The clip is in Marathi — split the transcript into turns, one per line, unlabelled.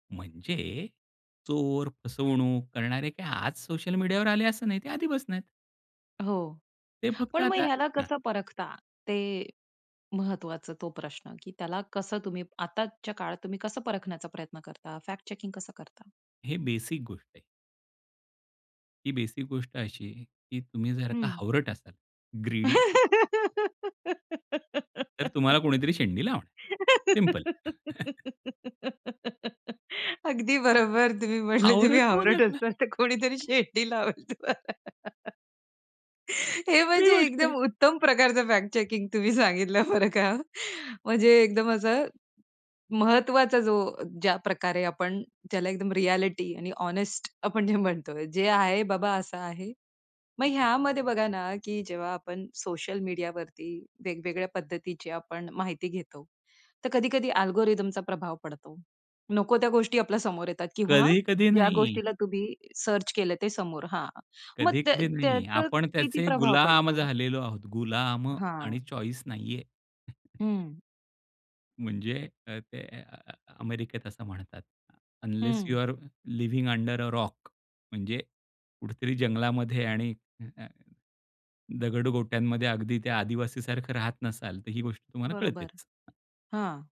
म्हणजे, चोर, फसवणूक करणारे काही आज सोशल मीडियावर आले असं नाही, ते आधी आधीपासून आहेत.
हो.
ते फक्त
पण मग
आता
ह्याला
ना
कसं परखता? ते महत्वाचं, तो प्रश्न की त्याला कसं तुम्ही आताच्या काळात तुम्ही कसं परखण्याचा प्रयत्न करता? फॅक्ट चेकिंग कसं करता?
हे बेसिक गोष्ट आहे. ही बेसिक गोष्ट अशी आहे, की तुम्ही जर का
हं.
हावरट असाल, ग्रीडी. तर तुम्हाला कोणीतरी शेंडी लावणार, सिंपल.
अगदी बरोबर. तुम्ही म्हटले, तुम्ही
हावरट होऊ
हावरट
नका.
असणार तर कोणीतरी शेंडी लावेल तुम्हाला. हे
खरी
म्हणजे
गोष्ट आहे.
एकदम उत्तम प्रकारचं फॅक्ट चेकिंग तुम्ही सांगितलं बरं का. म्हणजे एकदम असं, महत्वाचा जो ज्या प्रकारे आपण, त्याला एकदम रिएलिटी आणि हॉनेस्ट आपण जे म्हणतोय, "जे आहे बाबा असं आहे." मग ह्यामध्ये बघा ना की जेव्हा आपण सोशल मीडियावरती, वेगवेगळ्या पद्धतीची आपण माहिती घेतो. तर कधी-कधी अल्गोरिथमचा प्रभाव पडतो. नको त्या गोष्टी आपल्या समोर येतात किंवा
कधी-कधी
ज्या
नाही.
गोष्टीला तुम्ही सर्च केलं, ते समोर हां. मग त्या
कधी-कधी नाही.
त्याचं
आपण
किती
त्याचे
प्रभाव
गुलाम
पडतो?
झालेलो आहोत, गुलाम आणि
हां.
चॉईस नाहीये.
हं.
म्हणजे अ, ते अ अ अ अमेरिकेत असं म्हणतात, "अनलेस यू
हं.
Are living under a rock." म्हणजे, कुठेतरी जंगलामध्ये आणि अ, अ, दगड गोट्यांमध्ये अगदी ते आदिवासी सारखं राहत नसाल, तर ही गोष्ट तुम्हाला
बरोबर
कळतेच.
हां.